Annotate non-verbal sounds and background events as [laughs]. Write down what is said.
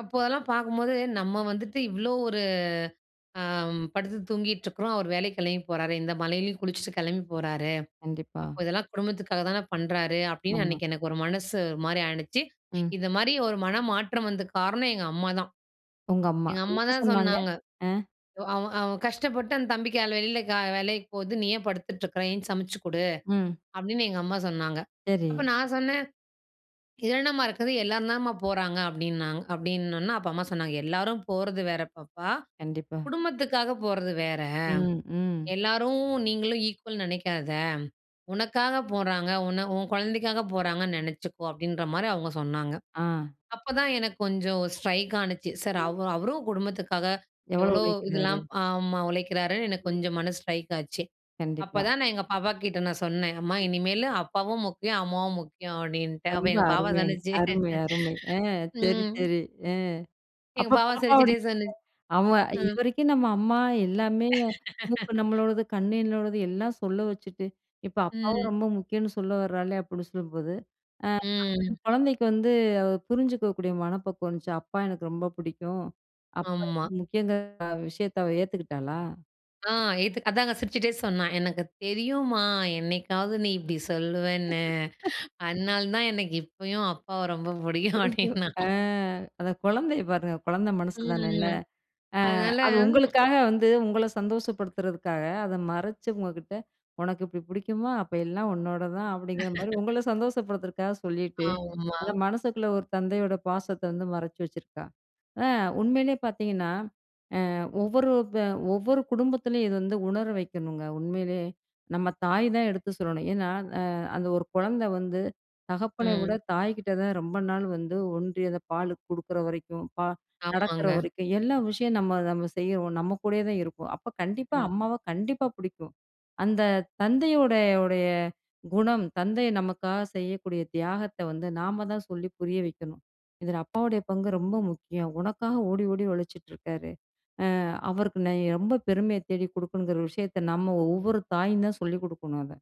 அப்போ அதெல்லாம் பார்க்கும்போது, "நம்ம வந்துட்டு இவ்வளோ ஒரு அ அம் படுத்து தூங்கிட்டுருக்கிறோம், அவர் வேலைக்கு கெளம்பி போறாரு. இந்த மழையிலயும் குளிச்சுட்டு கெளம்பி போறாரு. கண்டிப்பா. அப்போ இதெல்லாம் குடும்பத்துக்காக தான பண்றாரு." அப்படின்னு ஆமா. அன்னைக்கு எனக்கு ஒரு மனசு ஒரு மாரி ஆனுச்சு. ம். இது மாரி ஒரு மனமாற்றம் வந்ததுக்கு காரணம் எங்க அம்மாதான். உங்க அம்மா. எங்க அம்மா என்ன தான் சொன்னாங்க? சொன்னாங்க, அ. "அவன் அவன் கஷ்டப்பட்டு அந்த தம்பி காலைல வெளில கா வேலைக்கு போகுது. நீ ஏன் படுத்துட்டுருக்கிற? எந்திருச்சு சமைச்சுக் குடு." ம். அப்படின்னு எங்க அம்மா சொன்னாங்க. அப்ப சரி. நான் சொன்னேன், "இதுல என்னம்மா இருக்குது? எல்லாரும் தானம்மா போறாங்க." அப்படின்னாங் அப்படின்னொன்ன, அப்ப அம்மா சொன்னாங்க, "எல்லாரும் போறது வேற பாப்பா! கண்டிப்பா. குடும்பத்துகாக போறது வேற. ம், ம். எல்லாரும், நீங்களும் ஈக்வல்ன்னு நெனைக்காத. உனக்காக போறாங்க, உன்ன உன் குழந்தைக்காக போறாங்கன்னு நெனைச்சுக்கோ." அப்படின்ற மாரி அவுங்க சொன்னாங்க. ஆ. அப்ப தான் எனக்கு கொஞ்சம் ஸ்ட்ரைக் ஆனுச்சு. சரி [unintelligible] அவ் அவரும் குடும்பத்துக்காக எவ்வளோ எவ்வளோ உழைக்கிறாரு? இதெல்லாம் ஆமா. உழைக்கிறாருன்னு எனக்கு ம். கொஞ்சம் மனசு ஸ்ட்ரைக் ஆச்சு. கண்டிப்பா. அப்பதான் நான் எங்க பாப்பா கிட்ட நான் சொன்னேன், "அம்மா! ம். இனிமேலு அப்பாவும் முக்கியம், அம்மாவும் முக்கியம்." அப்படின்ட்டு. அப்ப ரொம்ப எங்க பாப்பா அருமைங்க. சொன்னுச்சு அருமை, அருமை. அ சரி, ம். சரி. அ. எங்க அப்ப பாப்பா பாப்பாவோட சிரிச்சிட்டே [unintelligible] சொன்னுச் ஆமா, ம். "இதுவரைக்கும் நம்ம அம்மா எல்லாமே, மூக்கு [laughs] நம்மளோடது, கண்ணு என்னோடது, எல்லாம் சொல்ல வச்சுட்டு, இப்ப அப்பாவும் ம். ரொம்ப முக்கியம்ன்னு சொல்லவறாளே." அப்படின்னு சொல்லும்போது, அ அந்த ம். குழந்தைக்கு வந்து புரிஞ்சுக்கக்கூடிய மனப்பக்குவம் வந்துச்சா? அப்பா எனக்கு ரொம்ப புடிக்கும். அப்பா ரொம்ப ஆமா. முக்கியம்ங்கிற விஷயத்தை அவ ஏத்துக்கிட்டாளா? ஆ. இதுக் அதாங்க சிரிச்சிட்டே சொன்னா, "எனக்கு தெரியும்மா என்னைக்காவது நீ இப்படி சொல்லுவேன்னு, [laughs] அதனால தான் எனக்கு இப்பயும் அப்பாவ ரொம்ப புடிக்கும்." புடிக்கும். அப்படின்னா. அ அந்த குழந்தைய பாருங்க! குழந்தை மனசு தான இல்ல? ம். அ அதனால அது ம் உங்களுக்காக வந்து உங்கள சந்தோஷப்படுத்துறதுக்காக அத மறைச்சு உங்ககிட்ட, "உனக்கு இப்படி புடிக்குமா? அப்ப எல்லாம் உன்னோடது தான்." அப்படிங்கிற மாரி உங்கள [laughs] சந்தோஷப்படுத்துறதுக்காக சொல்லீட்டு, ஆமா. அத மனசுக்குள்ள ஒரு தந்தையோட பாசத்த வந்து மறைச்சு வச்சுருக்கா. அ உண்மையிலே பார்த்தீங்கன்னா, அ ஒவ்வொரு ப ஒவ்வொரு குடும்பத்திலயும் இது வந்து உணர வைக்கணுங்க, உண்மையிலே. நம்ம தாய் தான் எடுத்து சொல்லணும். ஏன்னா அ அந்த ஒரு கொழந்த வந்து தகப்பன விட ம். தாய்க்கிட்ட தான் ரொம்ப நாள் வந்து ஒன்றி, அந்த பாலு குடுக்குற வரைக்கும், பா நடக்கிற ஆமாங்க. வரைக்கும், எல்லா விஷயம் நம்ம நம்ம செய்றோம். நம்ம கூடயே தான் இருப்போம். அப்ப கண்டிப்பா, ம். அம்மாவ கண்டிப்பா புடிக்கும். அந்த தந்தையுடைய உடைய குணம், தந்தை நமக்காக செய்யக்கூடிய தியாகத்த வந்து நாம தான் சொல்லி புரிய வைக்கணும். இதுல அப்பாவுடைய பங்கு ரொம்ப முக்கியம். உனக்காக ஓடி ஓடி உழைச்சிட்ருக்காரு. அ அவருக்கு நீ ரொம்ப பெருமைய தேடி குடுக்கணுங்கிற விஷயத்த நம்ம ஒவ்வொரு தாயும் தான் சொல்லிக் குடுக்கணும் அத.